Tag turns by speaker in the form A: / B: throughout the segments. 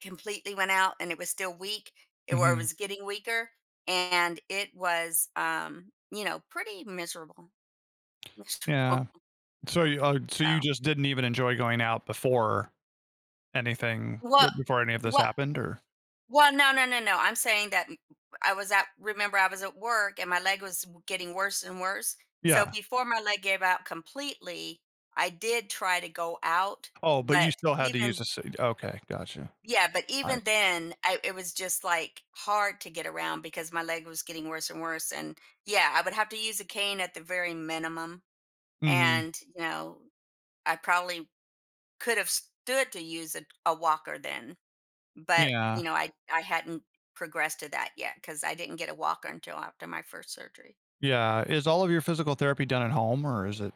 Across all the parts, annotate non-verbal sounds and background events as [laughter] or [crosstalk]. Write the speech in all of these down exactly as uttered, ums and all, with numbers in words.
A: Completely went out, and it was still weak. It or, it
B: Mhm.
A: was getting weaker, and it was, um, you know, pretty miserable. [laughs]
B: Yeah. So you, uh, so you
A: So
B: just didn't even enjoy going out before anything b
A: What
B: before any of this
A: what
B: happened or
A: well, no, no, no, no, I'm saying that I was at remember I was at work and my leg was w getting worse and worse. So
B: Yeah.
A: before my leg gave out completely, I did try to go out.
B: Oh, but you
A: But
B: still had to use
A: even
B: a s okay, gotcha.
A: Yeah, but
B: I
A: even
B: see.
A: then, I it was just, like, hard to get around because my leg was getting worse and worse, and, yeah, I would have to use a cane at the very minimum,
B: Mhm.
A: and, you know, I probably could have stood to use a a walker then, but,
B: Yeah.
A: you know, I I hadn't progressed to that yet 'cause I didn't get a walker until after my first surgery.
B: Yeah. Is all of your physical therapy done at home or is it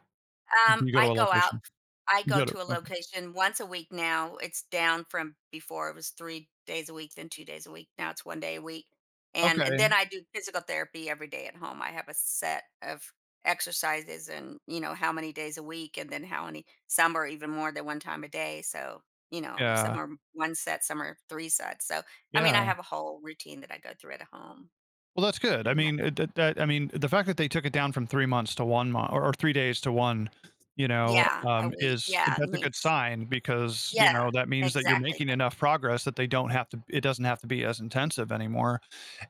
B: do
A: Um,
B: you go to
A: I
B: a
A: go out.
B: location?
A: I
B: You
A: go
B: go to
A: to a
B: okay.
A: location once a week now. It's down from before, it was three days a week, then two days a week, now it's one day a week. And and
B: Okay.
A: then I do physical therapy every day at home. I have a set of exercises and, you know, how many days a week and then how many some are even more than one time a day, so, you know, some
B: Yeah.
A: are one set, some are three sets, so, I mean,
B: Yeah.
A: I have a whole routine that I go through at home,
B: Well, that's good. I
A: pretty mu
B: mean, uh, th that I mean the fact that they took it down from three months to one mon or or three days to one, you know,
A: Yeah, a
B: um,
A: week,
B: is
A: yeah. It
B: that's a good
A: means
B: sign because, you
A: Yeah,
B: know, that means that you're
A: exactly
B: making
A: the
B: enough progress that they don't have to it doesn't have to be as intensive anymore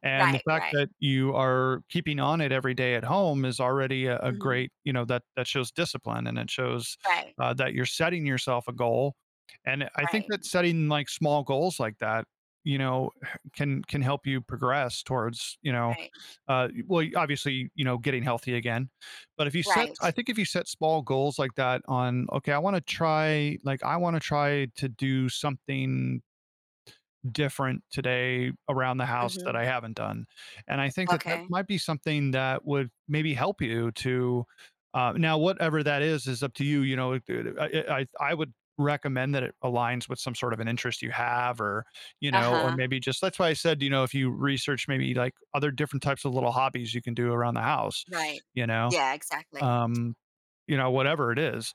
B: and the
A: Right,
B: fact
A: right.
B: that you are keeping on it every day at home is already a a
A: Mhm.
B: great, you know that that shows discipline and it shows,
A: Right.
B: uh, that you're setting yourself a goal and it I think
A: Right.
B: that setting, like, small goals like that, you know, can can help you progress towards, you know,
A: Right.
B: uh, y well, obviously, you know, getting healthy again. But if you set I
A: Right.
B: think if you set small goals like that on, "Okay, I want to try" like, "I want to try to do something" "different today around the house that
A: Mhm.
B: I haven't done." And I think that that
A: Okay.
B: might be something that would maybe help you to uh, now whatever that is, is up to you. You know it it I I I would recommend that it aligns with some sort of an interest you have or, you know, or
A: Uh-huh.
B: maybe just that's why I said, you know, if you research maybe, like, other different types of little hobbies you can do around the house,
A: Right.
B: you know,
A: Yeah, exactly.
B: um, you know, whatever it is.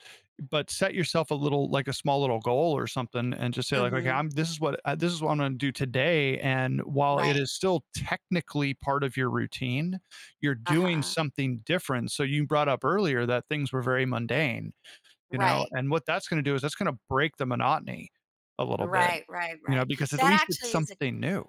B: But set yourself a little like, a small little goal or something and just say like, "Okay,
A: Mhm.
B: I'm this is what this is what I'm gonna do today," and while it
A: Right.
B: is still technically part of your routine, you're doing
A: Uh-huh.
B: something different. So you brought up earlier that things were very mundane, you know,
A: Right.
B: and what that's gonna to do is that's going to break the monotony a little bit,
A: Right, right,
B: you know,
A: right.
B: because at
A: That
B: least it's
A: actually is a
B: something new.